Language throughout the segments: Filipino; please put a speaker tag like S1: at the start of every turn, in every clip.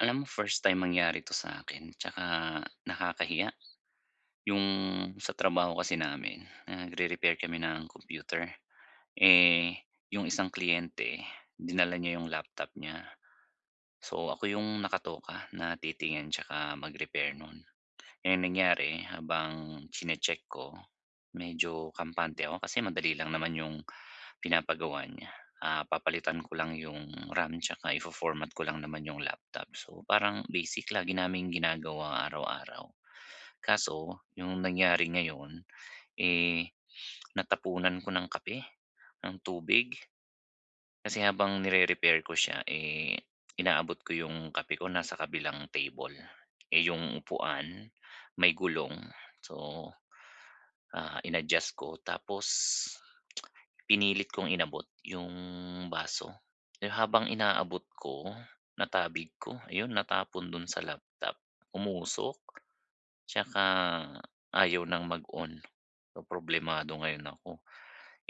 S1: Alam mo, first time mangyari 'to sa'kin tsaka nakakahiya. Yung sa trabaho kasi namin nagre-repair kami ng computer. Eh, yung isang kliyente, dinala niya yung laptop niya. So, ako yung nakatoka na titingin 'tsaka mag-repair nun. Eh, ang nangyari habang chini-check ko, medyo kampante ako kasi madali lang naman yung pinapagawa niya. Ah, papalitan ko lang yung RAM tsaka ifo-format ko lang naman yung laptop, so parang basic, lagi naming ginagawa araw-araw. Kaso, yung nangyari ngayon, eh, natapunan ko ng kape, ng tubig. Kasi habang nire-repair ko siya, eh, inaabot ko yung kape ko nasa kabilang table. Eh, yung upuan may gulong, so, ah, in-adjust ko tapos pinilit kong inabot yung baso. Eh, habang inaabot ko, natabig ko, iyon natapon dun sa laptop. Umusok tsaka ayaw ng mag-on. So, problemado ngayon ako,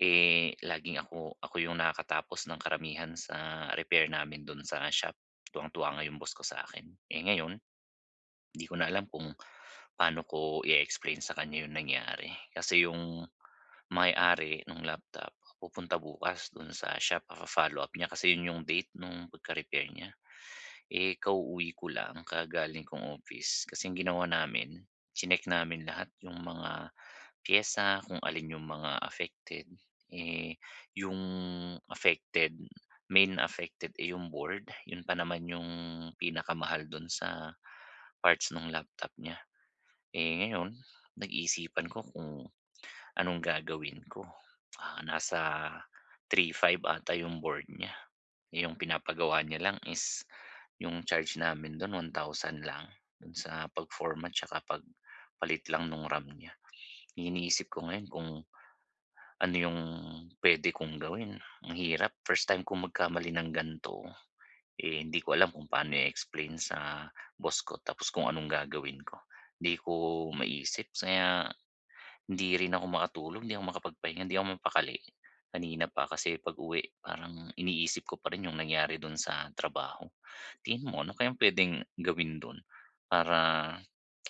S1: eh, laging ako ako yung nakakatapos ng karamihan sa repair namin dun sa shop, tuwang-tuwa nga yung boss ko sa akin. Eh, ngayon 'di ko na alam kung paano ko i-explain sa kanya yung nangyari. Kasi yung may-ari nung laptop pupunta bukas dun sa shop, papa-follow up niya kasi yun yung date nung pagka-repair niya. Eh, kauuwi ko lang, kagagaling kong office. Kasi yung ginawa namin, chineck namin lahat yung mga piyesa kung alin yung mga affected, eh, yung affected, main affected, eh, yung board. Yun pa naman yung pinakamahal dun sa parts nung laptop niya. Eh, ngayon, pinag-iisipan ko kung anong gagawin ko, ah, nasa 3,500 ata yung board niya, yung pinapagawa niya lang is yung charge namin dun 1,000 lang, dun sa pag-format tsaka pagpalit lang nung RAM niya. Iniisip ko ngayon kung ano yung puwede kong gawin, ang hirap. First time kong magkamali ng gan'to. Eh, hindi ko alam kung paano i-explain sa boss ko tapos kung anong gagawin ko. 'Di ko maisip kaya hindi rin ako makatulog, hindi ako makapagpahinga, hindi ako mapakali, kanina pa. Kasi pag-uwi, parang iniisip ko pa rin yung nangyari dun sa trabaho. Tingin mo, ano kayang puwedeng gawin dun para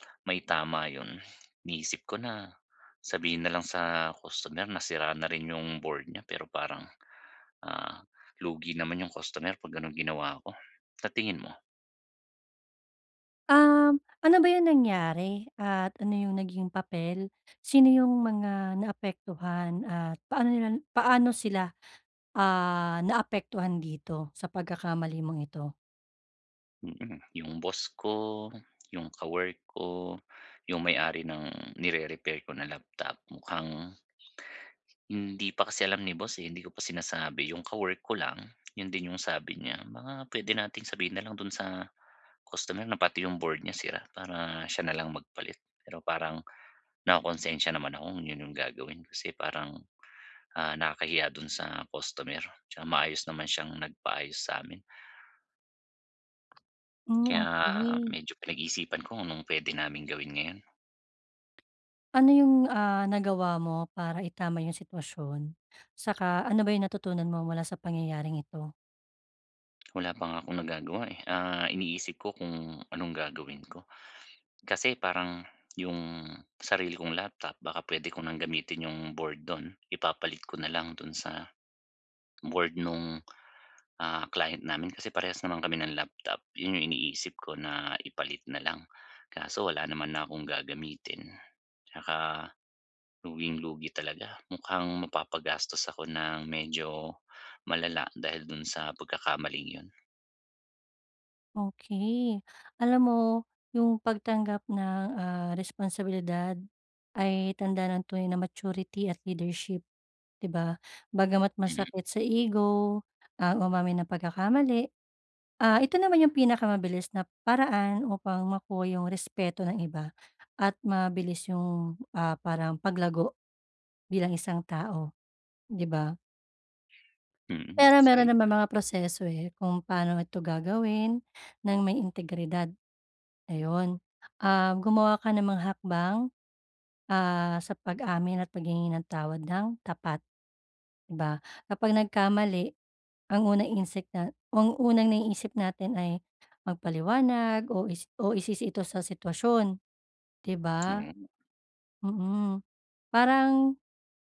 S1: maitama yun? Iniisip ko na, sabihin na lang sa customer na sira na rin yung board niya pero parang, ah, lugi naman yung customer 'pag gano'n ginawa ko, sa tingin mo?
S2: Um, ano ba yung nangyari at ano yung naging papel? Sino yung mga naapektuhan at paano nila paano sila, ah, naapektuhan dito sa pagkakamali mong ito?
S1: Mm, yung boss ko, yung kawork ko, yung may-ari ng nire-repair ko na laptop mukhang, hindi pa kasi alam ni boss, eh, hindi ko pa sinasabi. Yung kawork ko lang, 'yon din yung sabi niya, mga puwede nating sabihin na lang do'n sa, customer na pati yung board niya sira, para siya nalang magpalit pero parang nakukunsensya naman ako kung 'yon yung gagawin, kasi parang, ah, nakakahiya do'n sa customer 'tsaka maayos naman siyang nagpaayos samin.
S2: Hmm,
S1: Kaya,
S2: okey.
S1: medyo pinag-iisipan ko kung anong puwede naming gawin ngayon.
S2: Ano yung, ah, nagawa mo para itama yung sitwasyon? 'Saka ano ba yung natutunan mo mula sa pangyayaring ito?
S1: Wala pa nga akong nagagawa, eh, ah, iniisip ko kung anong gagawin ko. Kasi parang, yung sarili kong laptop baka puwede ko ng gamitin yung board do'n ipapalit ko nalang do'n sa, board nung, ah, client namin kasi parehas naman kami ng laptop 'yon yung iniisip ko na ipalit na lang. Kaso wala naman na kong gagamitin, 'tsaka luging-lugi talaga mukhang mapapagastos ako ng medyo malala dahil do'n sa pagkakamaling 'yon.
S2: Okey. Alam mo, yung pagtanggap ng, ah, responsibilidad ay tanda ng tunay na maturity at leadership, di ba? Bagamat
S1: Mm.
S2: masakit sa ego ang umamin ng pagkakamali, ah, ito naman yung pinakamabilis na paraan upang makuha yung respeto ng iba at mabilis yung, ah, parang paglago, bilang isang tao, di ba?
S1: Mm,
S2: Pero
S1: isa
S2: mayro'n
S1: rin
S2: naman
S1: yan.
S2: mga proseso, eh, kung paano ito gagawin, ng may integridad. Ayun, um, gumawa ka ng mga hakbang, ah, sa pag-amin at paghingi ng tawad ng tapat. Di ba, kapag nagkamali, ang unang instinc nat ang unang naiisip natin ay magpaliwanag o isi o isisi ito sa sitwasyon, di ba?
S1: Oo.
S2: Mm, parang,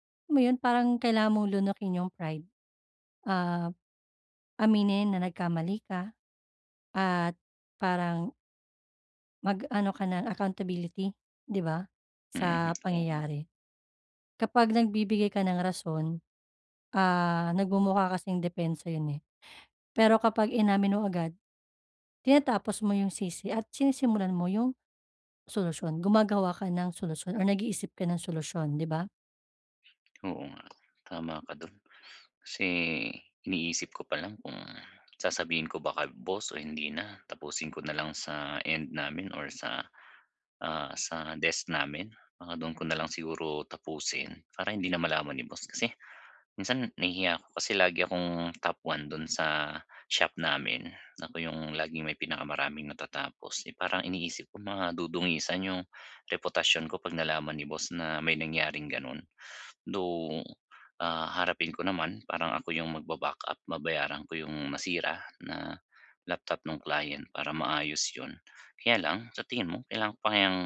S2: alam mo 'yon, parang kailangan mong lunukin yung pride, ah, aminin na nagkamali ka at parang Mag, ano ka ng accountability 'di ba,
S1: Mm,
S2: sa
S1: oo nga.
S2: pangyayari. Kapag nagbibigay ka ng rason, ah, nagmumukha kasing depensa 'yun, eh. Pero kapag inamin mo agad, tinatapos mo 'yung sisi at sinisimulan mo 'yung solusyon gumagawa ka ng solusyon or nag-iisip ka ng solusyon, 'di ba?
S1: Oo nga, tama ka do'n. Kasi iniisip ko pa lang kung sasabihin ko ba kay boss o hindi na tapusin ko na lang sa end namin or sa, ah, sa desk namin baka do'n ko na lang siguro tapusin para hindi na malaman ni boss. Kasi, minsan nahihiya ako kasi lagi akong top one do'n sa shop namin. Ako 'yung laging may pinakamaraming natatapos, eh parang iniisip ko madudungisan 'yung reputasyon ko 'pag nalaman ni boss na may nangyaring ganon. Though, ah, harapin ko naman parang ako 'yung magba-back up, mabayaran ko 'yung nasira na laptop nung client para maayos yon. Kaya lang, sa tingin mo kailangan ko pa kayang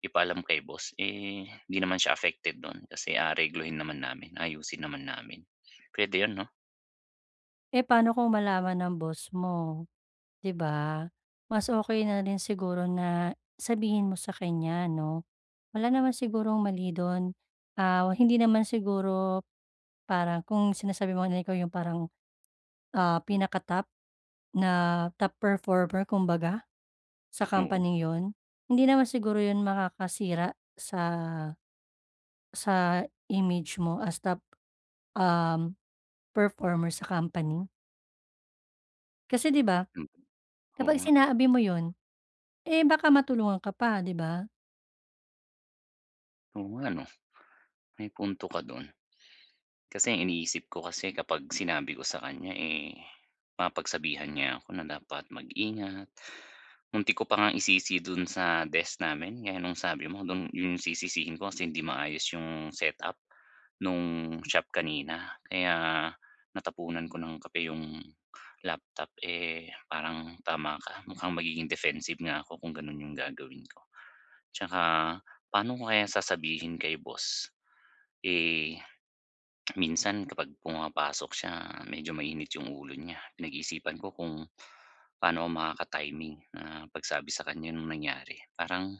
S1: ipaalam kay boss, eh hindi naman siya affected do'n kasi aareglohin naman namin, ayusin naman namin. Pwede 'yon, 'no?
S2: Eh, paano kung malaman ng boss mo, 'di ba. Mas okey na rin siguro na, sabihin mo sa kanya 'no, wala naman sigurong mali dun, ah, hindi naman siguro, parang kung sinasabi mo na ikaw yung parang, ah, pinaka-top na top performer kumbaga, sa
S1: Oo.
S2: companing yun, hindi naman siguro yun makakasira sa sa image mo as top, um, performer sa company. Kasi 'di ba,
S1: Mhm. Oo
S2: kapag
S1: nga.
S2: sinabi mo yun, eh, baka matulungan ka pa, 'di ba.
S1: Oo nga no. May punto ka dun. Kasi ang iniisip ko kasi kapag sinabi ko sa kanya, eh, mapagsabihan niya ako na dapat mag-ingat. Muntik ko pa ngang isisi do'n sa desk namin gaya nong sabi mo, dun, 'yong sisisihin ko kasi hindi maayos 'yong set-up, nung shop kanina kaya natapunan ko ng kape 'yong laptop, eh, parang tama ka mukhang magiging defensive nga ako kung gano'n 'yong gagawin ko. Tsaka paano ko kaya sasabihin kay boss? Eh, minsan kapag pumapasok siya medyo mainit 'yong ulo niya pinag-iisipan ko kung, paano ako makaka-timing na pagsabi sa kanya ng nangyari. Parang,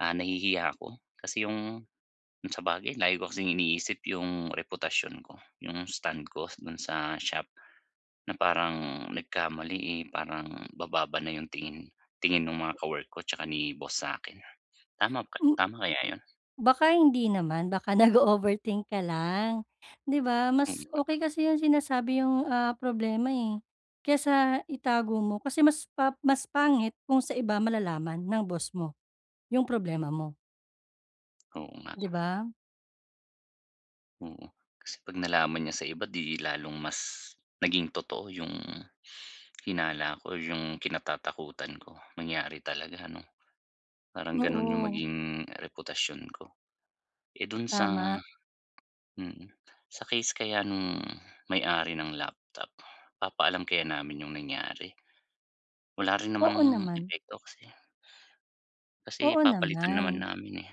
S1: ah, nahihiya ako kasi 'yong, kung sabagay lagi ko kasing iniisip 'yong reputasyon ko, 'yong stand ko do'n sa shop, na parang nagkamali, eh, parang bababa na 'yong tingin, tingin ng mga kawork ko tsaka ni boss sa'kin, tama ka
S2: M
S1: tama kaya 'yon?
S2: Baka hindi naman, baka nag-o-overthink ka lang, 'di ba.
S1: Mm
S2: Mas
S1: nga.
S2: okey kasi yung sinasabi yung, ah, problema eh, kesa itago mo kasi mas pa mas pangit kung sa iba malalaman ng boss mo, yung problema mo.
S1: Oo nga.
S2: ‘Di ba?
S1: Oo, kasi ‘pag nalaman niya sa iba ‘di lalong mas naging totoo 'yung hinala ko o 'yung kinatatakutan ko, mangyari talaga ‘no. Parang ganun 'yung
S2: Oo.
S1: maging reputasyon ko. Eh dun sa
S2: Tama.
S1: mm, sa case kaya nung may-ari ng laptop. Papaalam kaya namin 'yung nangyari? Wala rin
S2: Oo
S1: namang
S2: naman.
S1: epekto kasi Kasi
S2: Oo
S1: papalitan naman
S2: naman.
S1: namin eh.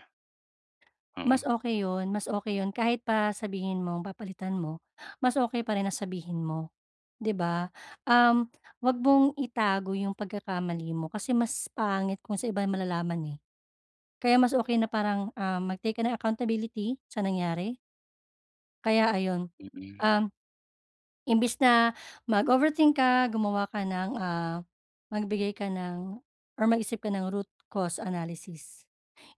S2: Mas
S1: Oo.
S2: okey 'yun, mas okey 'yun. Kahit pa sabihin mo papalitan mo, mas okey pa rin na sabihin mo, ‘di ba? Um, huwag mong itago 'yung pagkakamali mo kasi mas pangit kung sa iba malalaman eh. Kaya mas okey na parang, um, mag-take ka ng accountability sa nangyari. Kaya ayon,
S1: Mm.
S2: um, imbis na mag-overthink ka, gumawa ka ng, ah, magbigay ka ng or mag-isip ka ng root cause analysis.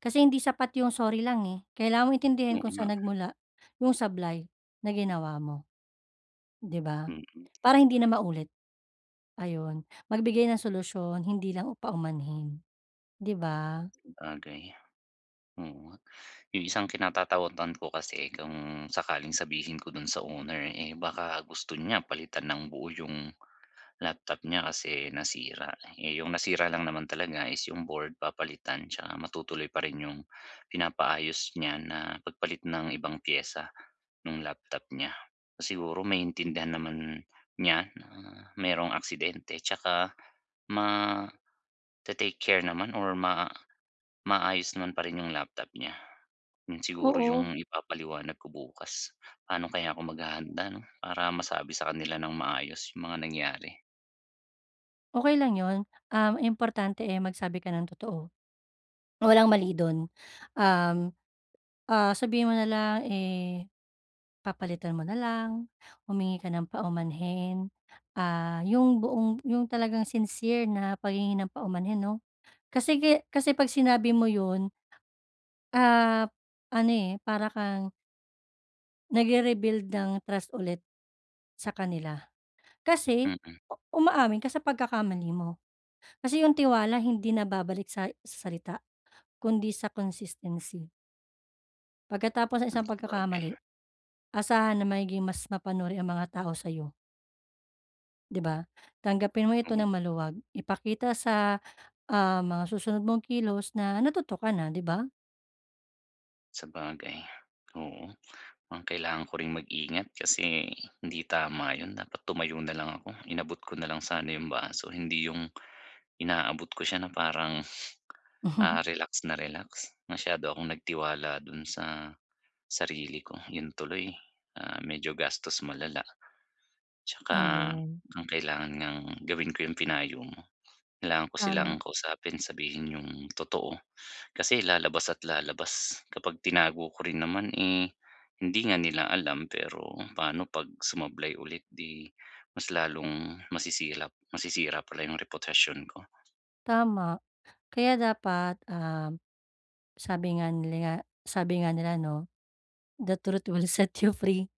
S2: Kasi hindi sapat 'yung sorry lang eh. Kailangan mong intindihin
S1: Oo
S2: kung
S1: nga.
S2: saan nagmula 'yung sablay na ginawa mo. ‘Di ba?
S1: Mm.
S2: Para hindi na maulit. Ayun, magbigay ng solusyon, hindi lang paumanhin. ‘Di ba?
S1: Sabagay oo nga. 'Yung isang kinatatakutan ko kasi kung sakaling sabihin ko dun sa owner eh baka gusto niya palitan nang buo yung laptop niya kasi nasira. Eh 'yung nasira lang naman talaga is 'yung board papalitan tsaka matutuloy pa rin 'yung pinapaayos niya na pagpalit ng ibang piyesa nung laptop niya. Siguro maintindihan naman niya na merong aksidente tsaka mate-take care naman or ma maayos naman pa rin 'yung laptop niya. 'Yun siguro
S2: Oo.
S1: yung ipapaliwanag ko bukas. Paano kaya ako maghahanda ‘no? Para masabi sa kanila nang maayos 'yung mga nangyari.
S2: Okey lang 'yon, um, importante eh, magsabi ka ng totoo, walang mali do'n. Um, ah, sabihin mo na lang, eh, papalitan mo na lang, humingi ka ng paumanhin, ah, 'yong buong 'yong talagang sincere na paghingi ng paumanhin, 'no. Kasi ki kasi 'pag sinabi mo 'yon ah, ano, eh, para kang nag-re-rebuild ng trust ulit, sa kanila. Kasi,
S1: Mm.
S2: umaamin ka sa pagkakamali mo. Kasi 'yong tiwala hindi nababalik sa salita, kundi sa consistency. Pagkatapos ng
S1: Hmm,
S2: isang
S1: sabagay.
S2: pagkakamali, asahan na magiging mas mapanuri ang mga tao sa'yo. 'Di ba? Tanggapin mo ito
S1: Oo.
S2: nang maluwag. Ipakita sa, ah, mga susunod mong kilos na, natuto ka na, 'di ba?
S1: Sabagay, oo, mukhang kailangan ko ring mag-ingat kasi, hindi tama 'yon, dapat tumayo na lang ako, inabot ko na lang sana 'yong baso. Hindi 'yong, inaabot ko siya na parang, ah, relax na relax. Masyado akong nagtiwala do'n sa, sarili ko 'yon tuloy, ah, medyo gastos malala. 'Tsaka,
S2: Ayun.
S1: mukhang kailangan ngang gawin ko 'yong pinayo mo, kailangan ko silang
S2: Tama.
S1: kausapin sabihin 'yong totoo, kasi lalabas at lalabas, kapag tinago ko rin naman eh, hindi nga nila alam pero, pa'no 'pag sumablay ulit, 'di, mas lalong masisilap masisira pala 'yong reputasyon ko.
S2: Tama. Kaya dapat, ah, sabi nga nila nga sabi nga nila, 'no? The truth will set you free.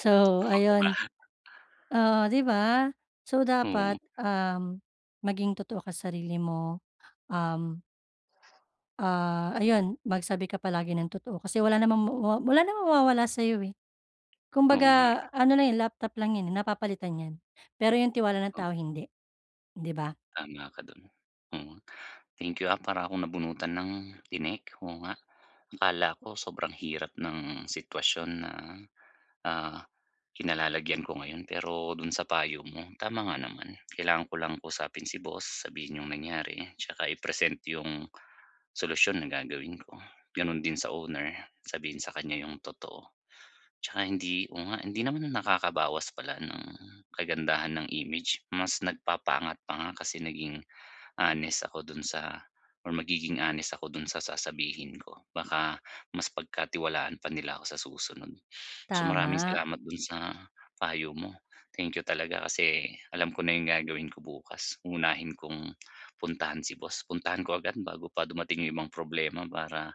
S2: So,
S1: Oo, 'di
S2: ayun.
S1: ba?
S2: Oo, 'di ba? So
S1: Oo.
S2: dapat, um, maging totoo ka sarili mo. Um ah, ayun, magsabi ka palagi ng totoo, kasi wala namang mawa wala namang mawawala sa'yo, eh.
S1: Oo, nga eh.
S2: Kumbaga ano lang 'yan, laptop lang 'yan, eh, napapalitan ,yan. Pero 'yung tiwala ng
S1: Oh.
S2: tao hindi, hindi ba?
S1: Tama ka do'n. Oo. Thank you, ah, para akong nabunutan ng tinik, oo nga. Akala ko sobrang hirap ng sitwasyon na, ah, kinalalagyan ko ngayon, pero dun sa payo mo, tama nga naman. Kailangan ko lang kausapin si boss, sabihin 'yung nangyari tsaka i-present 'yung solusyon na gagawin ko. Ganun din sa owner, sabihin sa kanya yung totoo. Tsaka hindi oo nga, hindi 'yun naman nakakabawas pala ng kagandahan ng image, mas nagpapaangat pa nga kasi naging honest ako dun sa or magiging honest ako dun sa sasabihin ko. Baka mas pagkatiwalaan pa nila ako sa susunod. So maraming
S2: Tama.
S1: salamat dun sa payo mo. Thank you talaga, kasi alam ko na 'yung gagawin ko bukas, uunahin kong puntahan si boss. Puntahan ko agad bago pa dumating 'yung ibang problema para,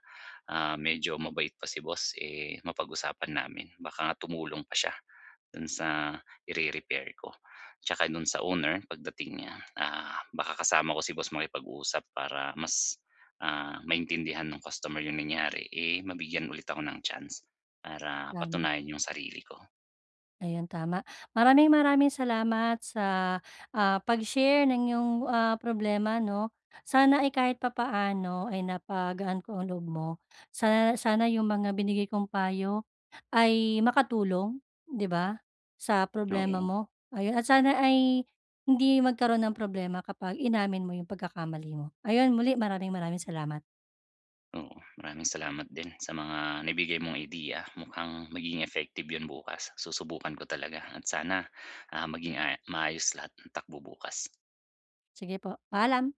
S1: ah, medyo mabait pa si boss, eh, mapag-usapan namin. Baka nga tumulong pa siya dun sa ire-repair ko. Tsaka dun sa owner pagdating niya, ah, baka kasama ko si boss makipag-usap para mas, ah, maintindihan nung customer 'yung nangyari, eh, mabigyan ulit ako ng chance para
S2: Tama.
S1: patunayan 'yung sarili ko.
S2: Ayan, tama. Maraming-maraming salamat sa, ah, pagshare ng 'yung, ah, problema 'no? Sana ay kahit papaano ay napagaan ko ang loob mo. Sana sana 'yung mga binigay kong payo ay makatulong, 'di ba, sa problema
S1: Oo.
S2: mo. Ayun at sana ay hindi magkaroon ng problema kapag inamin mo 'yung pagkakamali mo. Ayun muli, maraming maraming salamat.
S1: Oo, maraming salamat din sa mga naibigay mong ideya. Mukhang magiging effective 'yun bukas, susubukan ko talaga at sana, ah, maging, ah, maayos lahat ng takbo bukas.
S2: Sige po, paalam.